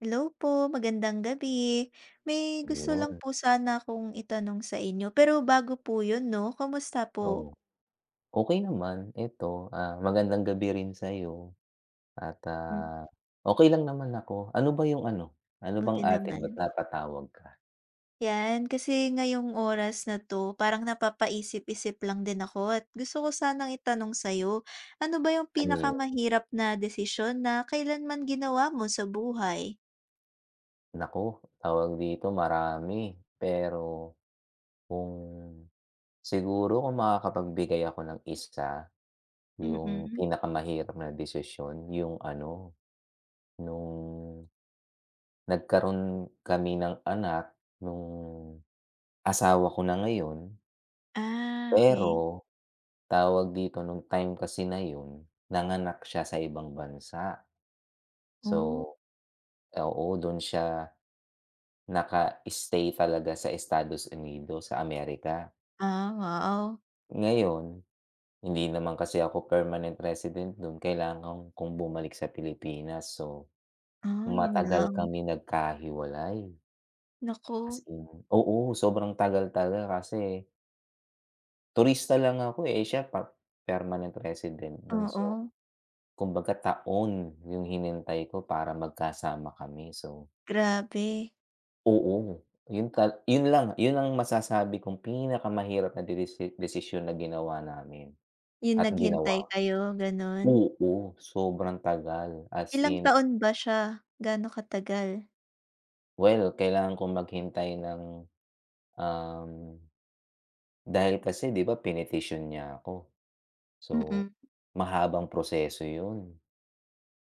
Hello po, magandang gabi! May gusto lang 'Yon. po sana akong itanong sa inyo, pero bago po yun 'no? Kumusta Oh? po? Okey naman, 'eto ah magandang gabi rin sayo, at Mhm. ah okey lang naman ako. Ano ba yung ano? Ano bang Buti atin ba't naman. napatawag ka? 'Yan, kasi ngayong oras na 'to, parang napapaisip-isip lang din ako at gusto ko sanang itanong sayo. Ano ba yung Ano yun? pinakamahirap na desisyon na kailanman ginawa mo sa buhay? Naku! tawag dito? Marami, pero, kung siguro kung makakapagbigay ako ng isa? 'Yung Mm. pinakamahirap na desisyon 'yung ano? No'ng nag-karoon kami ng anak nu'ng asawa ko na ngayon. Ah okey. Pero tawag dito, nung time kasi na 'yun, nanganak siya sa ibang bansa. So, Oh. oo dun siya naka stay talaga sa Estados Unidos sa Amerika. Ah, wow! Ngayon, hindi naman kasi ako permanent resident dun kailangan kong bumalik sa Pilipinas, so Ah, yun matagal lang. kami nagkahiwalay. As Naku! in oo sobrang tagal talaga kasi turista lang ako eh, eh siya par permanent resident dun so, Oo. kumbaga taon yung hinintay ko para magkasama kami so Grabe! oo yun kat yun lang, yun ang masasabi kong pinakamahirap na desis desisyon na ginawa namin Yun at naghintay ginawa. kayo, gano'n. Oo sobrang tagal as Ilang in. taon ba siya, gaano katagal? Well kailangan kong maghintay ng, um, dahil kasi 'di ba pinetisyon niya ako, so Mm. mahabang proseso yun.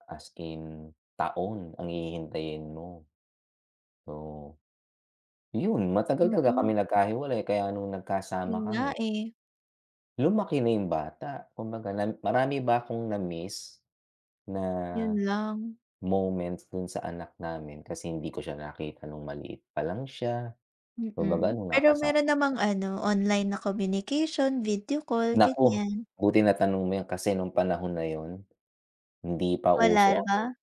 As in taon ang hihintayin mo, oo. Yun matagal talaga Hmm. kaming nagkahiwalay kaya nung nagkasama Yun nga kami. eh. Lumaki na yung bata, kumbaga na marami ba akong namiss? Na, Yun lang. moments dun sa anak namin kasi hindi ko siya nakita nung maliit palang siya. Kumbaga Hmm, nung pero nakasama meron namang [unintelligible] ano, online na communication, video call, Naku, ganyan. buti natanong mo yan kasi nung panahon na yun, hindi pa uso Wala ano ba?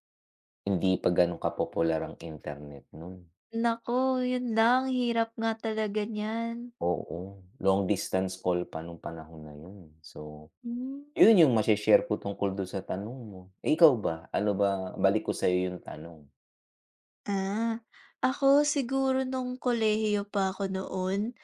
hindi pa ganun ka-popular ang internet nun. Naku, yun lang, hirap nga talaga niyan. Oo, long distance call pa nung panahon na yun, so, Hmm. yun yung mashe-share ko tungkol dun sa tanong mo. Eh, ikaw ba, ano ba balik ko sayo yung tanong. Ah, ako siguro nung kolehiyo pa ako noon,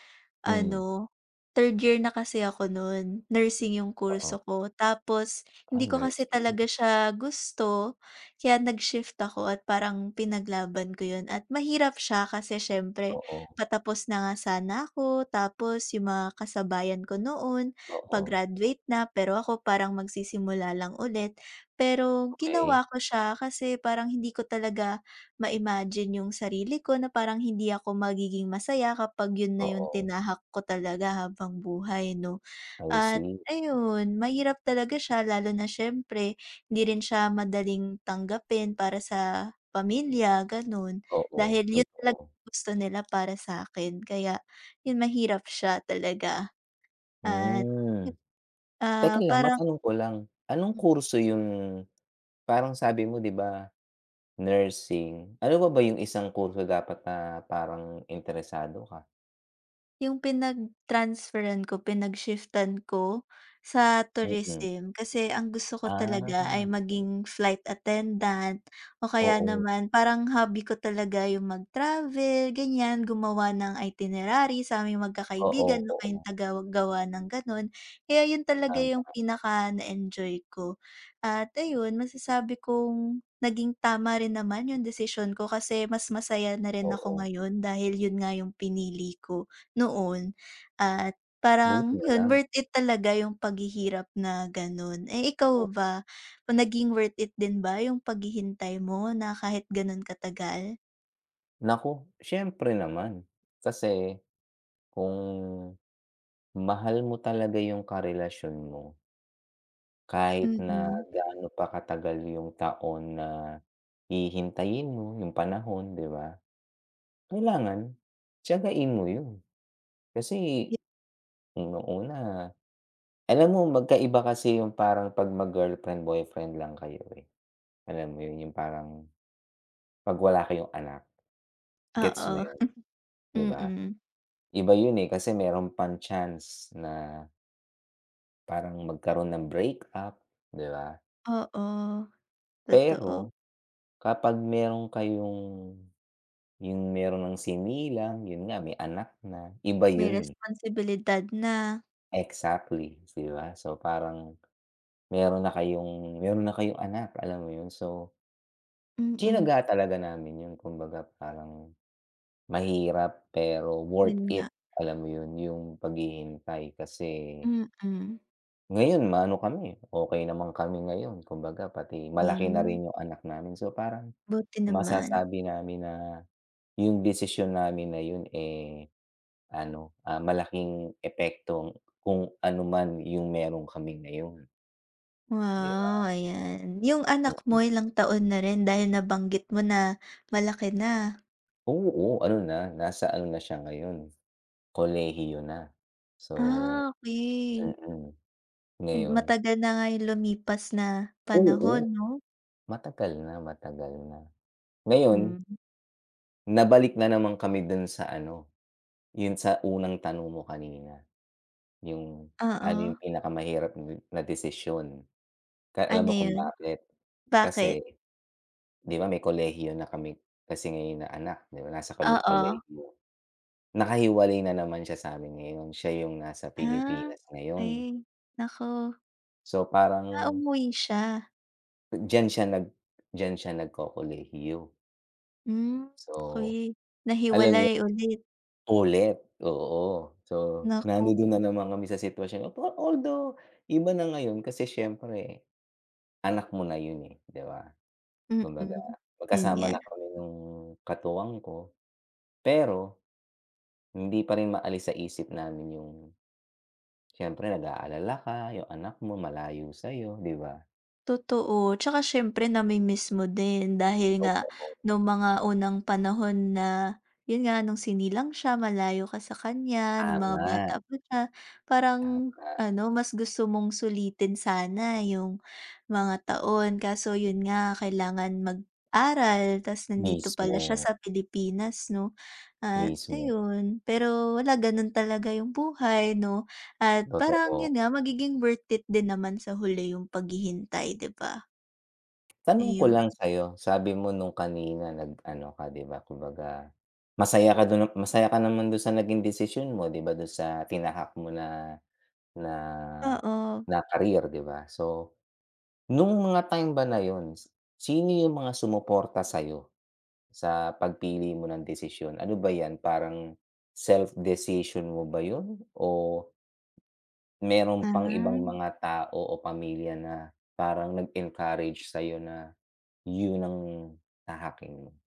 Hmm. ano third year na kasi ako nun, nursing yung Oo. kurso ko tapos, Ah, hindi ko kasi talaga nursing. siya gusto, kaya nag-shift ako at parang pinaglaban ko 'yon at mahirap siya kasi siyempre, Oo. patapos na nga sana ako, tapos yung mga kasabayan ko noon Oo, oo. pa-graduate na pero ako parang magsisimula lang ulit. Pero Okey. ginawa ko siya kasi parang hindi ko talaga ma-imagine yung sarili ko na parang hindi ako magiging masaya kapag yun na yung Oo. tinahak ko talaga habang buhay 'no? I At see. ayun, mahirap talaga siya lalo na siyempre hindi rin siya madaling tanggapin para sa pamilya ganun, Oo, dahil yun talaga totoo. gusto nila para sakin kaya, yun mahirap siya talaga. At Hmm. yun, Teka ah, lang, parang matanong ko lang, anong Hmm. kurso yung, parang sabi mo di ba, nursing, ano pa ba yung isang kurso dapat na parang interesado ka? 'Yung pinag-transferan ko, pinag-shiftan ko sa Mm. Tourism. Kasi' ang gusto ko talaga, Ah. ay maging flight attendant o kaya Oo. naman parang hobby ko talaga 'yung mag-travel ganyan. Gumawa ng itinerary saming mag-kakaibigan, Oo ako 'yung oo. tagagawa ng ganon. Eh 'yun talaga 'yung Tama. pinaka na enjoy ko at ayun masasabi kong naging tama rin naman 'yung desisyon ko. Kasi mas masaya na rin ako Oo. ngayon dahil yun nga yung pinili ko noon. At Buti parang na yun lang. worth it talaga yung paghihirap na ganon. Eh Mhm. ikaw ba? Naging worth it din ba yung paghihintay mo na kahit ganun katagal? Naku, siyempre naman. Kasi, kung mahal mo talaga 'yung karelasyon mo, kahit na Mm. gaano pa katagal 'yung taon na hihintayin mo 'yung panahon 'di ba? Kailangan tiyagain mo 'yun. Kasi nung una alam mo magk-aiba kasi 'yung parang 'pag mag-girlfriend/boyfriend lang kayo eh, alam mo 'yun? 'Yung parang 'pag wala kayong anak, gets mo Oo 'yon? 'Di hmm ba? hmm. iba 'yun eh kasi meron pang chance na Parang magkaroon ng breakup, diba? Oo, totoo. Pero kapag meron kayong yung meron ng sinilang yun nga may anak na iba May yun, eh. responsibilidad na. Exactly, diba so parang meron na kayong meron na kayong anak, alam mo yun so Mm. tsinaga talaga namin yun kumbaga parang mahirap pero worth Yun it, nga. alam mo yun yung paghihintay kasi Mm. ngayon maano kami, okay naman kami ngayon kumbaga pati malaki na Hmm. rin yung anak namin, so parang Buti naman. masasabi namin na yung desisyon namin na yun, eh, ano, ah, malaking epekto kung ano man yung meron kaming na yun, di ba. Wow, ayan, yung anak mo Mm. ilang taon na rin dahil nabanggit mo na malaki na. Oo, ano na nasa ano na siya ngayon, kolehiyo na, so, Ah, okey. mm, Ma ngayon. matagal na nga yung lumipas na panahon Oo. 'no? Matagal na matagal na ngayon Mhm. nabalik na naman kami dun sa ano, yung sa unang tanong mo kanina. Yung ano Oo. yung pinakamahirap na desisyon, ka alam Ano mo kung yun? bakit kasi, Bakit? diba may kolehiyo na kami kasi Ngayon na anak diba nasa ko Oo. kolehiyo. nakahiwalay na naman siya sabi ngayon siya yung nasa Ah, Pilipinas ngayon. okey naku. So Ah, parang umuwi siya? diyan siya nag diyan siya nag-kokolehiyo? Hmm, So, okey. alam mo yun? Nahiwalay ulit. Ulit, oo. So Naku. nandudun na naman kami sa sitwasyon na although, iba na ngayon kasi siyempre. Anak mo na yun eh, di ba? Kumbaga, Mm, yun magkasama nga. na kami nung katuwang ko. Pero, hindi pa rin maalis sa isip namin yung, siyempre nag-aalala ka, yung anak mo malayo sayo di ba? Totoo 'tsaka siyempre namimiss mo din, dahil nga, Totoo. nung mga unang panahon na, yun nga nung sinilang siya, malayo ka sa kanya nung mga Tama. bata pa siya, parang Tama. ano mas gusto mong sulitin sana yung mga taon kaso yun nga, kailangan mag-aral ta's nandito pala siya Mismo. sa Pilipinas 'no? At Mismo. ayun, pero wala ganun talaga yung buhay 'no, at parang Totoo. yun nga, magiging worth it din naman sa huli yung paghihintay di ba? Tanong ko Ayun. lang sayo, sabi mo nung kanina nag ano, ka 'di ba? Kumbaga, masaya ka dun na masaya ka naman dun sa naging desisyon mo, 'di ba dun sa tinahak mo na na Oo. na career, 'di ba? So, nung mga time ba na yun, sino yung mga sumuporta sayo sa pagpili mo ng desisyon? Ano ba yan parang self decision mo ba yun o meron pang ibang Ah. mga tao o pamilya na parang nag encourage sayo na yun ang tahaking mo?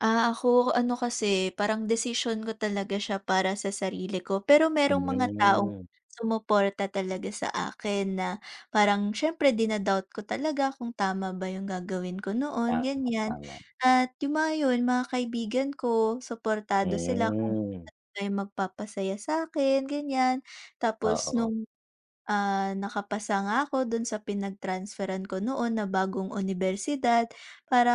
Ah, ako, ano kasi, parang desisyon ko talaga siya para sa sarili ko. Pero merong mga taong Mhm. sumuporta talaga sa akin na, parang syempre din doubt ko talaga kung tama ba yung gagawin ko noon, Tama, ganyan, tama. at yung mga yun, mga kaibigan ko suportado sila kung Mhm. may magpapasaya sakin, ganyan. Tapos Oo. nung, ah, nakapasa nga ako dun sa pinag transferan ko noon na bagong unibersidad,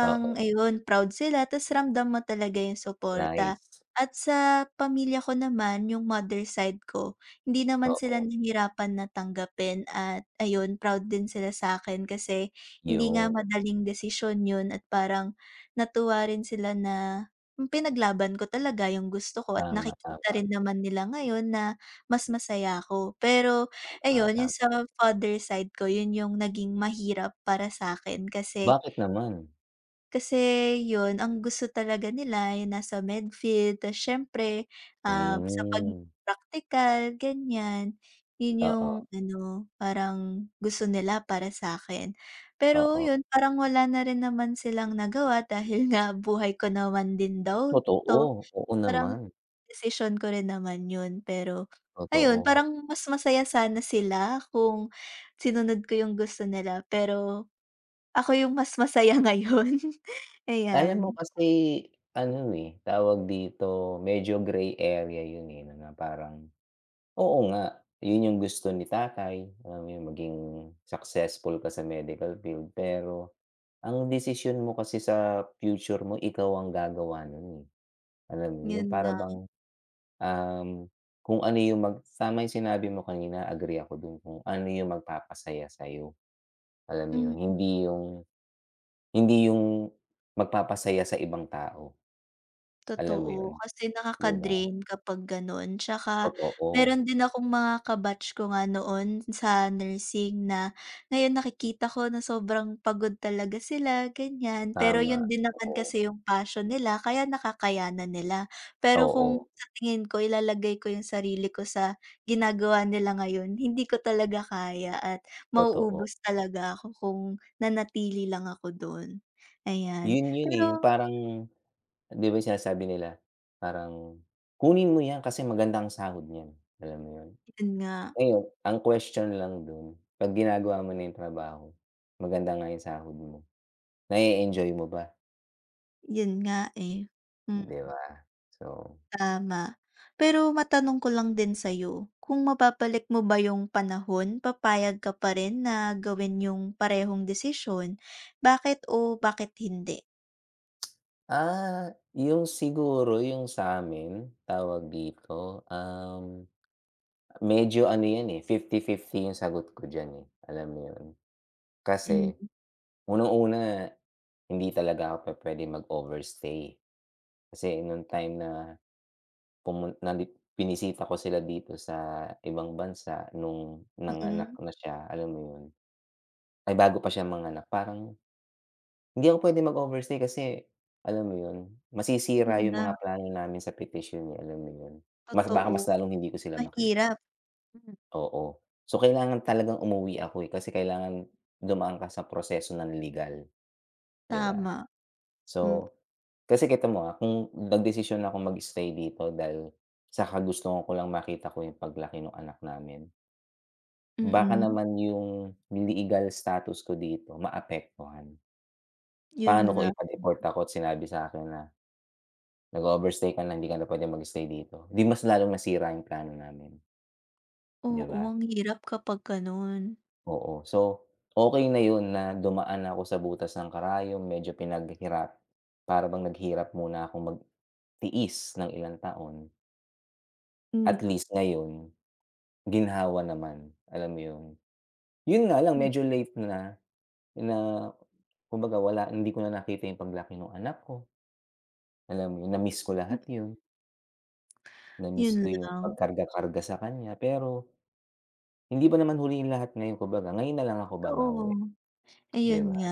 Oo. ayun, proud sila, tas ramdam mo talaga yung Nice. suporta. At sa pamilya ko naman, yung mother side ko, hindi naman sila Oo. nahirapan na tanggapin at ayun, proud din sila sakin kasi, hindi nga Yun. madaling desisyon yun at parang, natuwa rin sila na, yung pinaglaban ko talaga yung gusto ko at Tama, nakikita tama. rin naman nila ngayon, na mas masaya ako. Pero Tama, ayun, 'yun tama. sa father side ko yun yung naging mahirap para sakin kasi Bakit naman? Kasi yun, ang gusto talaga nila ay yung nasa medfield tas syempre, ah, sa pag Mm. praktikal, ganyan. Yun yung Oo. ano, parang gusto nila para sakin. Pero Oo. yun, parang wala na rin naman silang nagawa dahil nga buhay ko naman din daw to, Totoo, oo parang naman. desisyon ko rin naman yun. Pero, ayun, Totoo. parang mas masaya sana sila kung sinunod ko yung gusto nila, pero, ako yung mas masaya ngayon, Alam mo ayan. kasi ano, eh, tawag dito, medyo grey area yun, eh, na mga parang, oo nga, yun yung gusto ni tatay, alam mo yung maging successful ka sa medical field, pero ang desisyon mo kasi sa future mo, ikaw ang gagawa nun, eh. Alam mo yun, Yun yung para nga. bang, um, kung, ano, yung mag tama yung sinabi mo kanina, agree ako dun, kung ano yung magpapasaya sayo, alam mo yun, Mm hindi yung hindi yung magpapasaya sa ibang tao. Alam mo yun, totoo kasi 'di ba? nakaka-drain kapag ganon, tsaka Totoo. meron din akong mga ka-batch ko nga noon sa nursing na, ngayon nakikita ko na sobrang pagod talaga sila ganyan. Pero Tama, yun din naman oo. kasi yung passion nila, kaya nakakay na nila. Pero kung Oo. sa tingin ko, ilalagay ko yung sarili ko sa ginagawa nila ngayon, hindi ko talaga kaya at Totoo. mauubos talaga ako kung nanatili lang ako dun, ayan. Yun 'yun, eh, yung Pero parang 'di ba yung sinasabi nila, parang, "Kunin mo yan kasi maganda ang sahod nyan," alam mo yun? Yun nga. Ayun, ang question lang dun, pag ginagawa mo na yung trabaho, maganda nga yung sahod mo, na e-enjoy mo ba? Yun nga eh, mm. 'Di ba so. Tama, pero matanong ko lang din sa iyo kung mababalik mo ba yung panahon papayag ka pa rin na gawin yung parehong desisyon bakit oo, bakit hindi? Ah, yung siguro yung sa amin, tawag dito um, medyo ano yan eh 50/50 yung sagot ko dyan eh, alam mo yun. Mm. Kasi unang-una hindi talaga ako pupwedeng mag-overstay. Kasi nung time na pumun na binisita ko sila dito sa ibang bansa, nung nanganak Mm. na siya, alam mo yun, ay bago pa siya manganak parang hindi ako pwedeng mag-overstay kasi alam mo yun, masisira Yun yung mga nga. plano namin sa petisyon eh alam mo yun. Mas baka Totoo, mas lalong hindi ko sila makita. mahirap hmm. Oo so, kailangan talagang umuwi ako eh, kasi kailangan dumaan ka sa proseso ng legal, 'di ba. Tama hmm. So, kasi kita mo ah, kung nagdesisyon na akong mag-stay dito dahil sa kagustuhan ko lang makita ko yung paglaki nung anak namin. Baka Mm. naman yung le egal status ko dito maapektuhan. Yun Paano kung nga, ipa-deport ako at sinabi sakin na "Nag-overstay ka lang hindi ka na pwedeng mag-stay dito." 'Di mas lalong nasira yung plano namin. 'Di Oo, ba? ang hirap kapag, gano'n. Oo, so, okay na yun, na dumaan ako sa butas ng karayom medyo pinaghirap para bang naghirap muna akong magtiis ng ilang taon. Hmm. At least ngayon, ginhawa naman, alam mo yun, yun nga lang Mm. medyo late na, na kumbaga wala hindi ko na nakita yung paglaki ng anak ko, alam mo yun, na-miss ko Hmm. lahat, 'yun. Namiss 'Yun ko yung lang. pagkarga-karga sa kanya, pero, hindi pa naman huli 'yung lahat ngayon, kumbaga, ngayon nalang ako babawi, Totoo, 'di ayun ba? nga,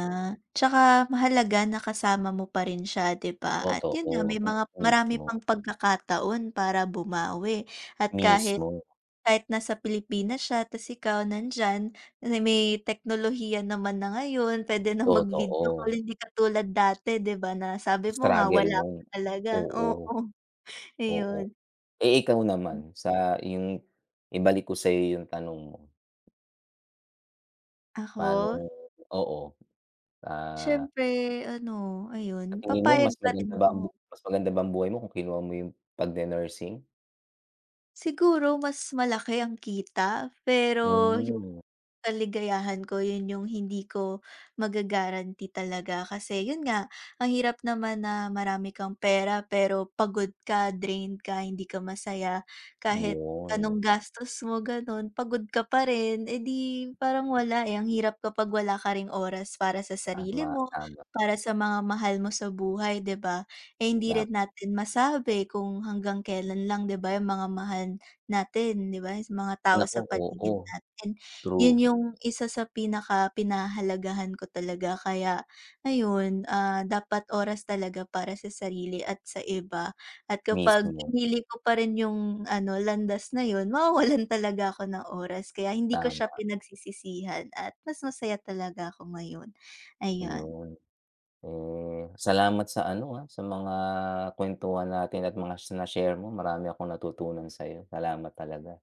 'tsaka mahalaga na kasama mo pa rin siya, 'di ba, at yun nga Totoo, may m mga marami mismo. pang pagkakataon para bumawi at kahit, Mismo. kahit nasa Pilipinas siya 'tas ikaw nandiyan, na may teknolohiya naman na ngayon, pwede nang mag-video call Totoo. hindi katulad dati, 'di ba, na sabi mo nga Struggle wala pa nung talaga oo, oo, oo. iyon. Eh, ikaw naman sa iyong ibalik ko sa'yo 'yung tanong mo. Ako? Paanong oo, ah. Siyempre ano, Sa ayun, tingin mo mas papayag pa maganda rin ba ang bu ako. mas maganda ba ang buhay mo kung kinuha mo 'yon pagne-nursing? Siguro mas malaki ang kita pero 'yong Hmm. kaligayahan ko 'yon 'yong hindi ko maga-guarantee talaga kasi 'yon nga, ang hirap naman na marami kang pera pero pagod ka, drained ka, hindi ka masaya kahit 'Yon. anong gastos mo gano'n, pagod ka pa rin, eh, 'di parang wala, eh, ang hirap kapag wala ka ring oras para sa sarili Tama, mo, tama. para sa mga mahal mo sa buhay, 'di ba, eh, hindi Ma rin natin masabi kung hanggang kelan lang, 'di ba, 'yong mga mahal natin, 'di ba, s mga tao Naku, sa oo. paligid natin, True. 'yon 'yong isa sa pinakapinahahalagahan ko talaga kaya ayun, ah, dapat oras talaga para sa sarili at sa iba at kapag Mismo. pinili ko pa rin 'yong ano, landas na 'yon, mawawalan talaga ako ng oras kaya hindi ko siya Tama. pinagsisisihan at mas masaya talaga ako ngayon, ayun. 'Yon. Eh, salamat sa ano, ah, sa mga kwentuhan natin at mga sina na-share mo; marami akong natutunan sa'yo, salamat talaga.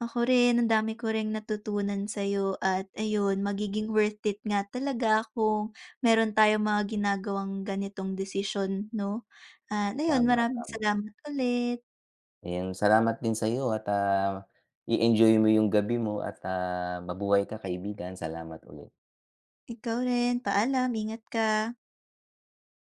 Ako rin ang dami ko ring natutunan sa 'yo at ayun, magiging worth it nga talaga kung meron tayong mga ginagawang ganitong desisyon 'no, ah, 'no 'yon, Tama, maraming tama. salamat ulit. Ayun, salamat din sa'yo at, ah, i-enjoy mo 'yong gabi mo at, ah, mabuhay ka kaibigan, salamat ulit. Ikaw rin, paalam, ingat ka.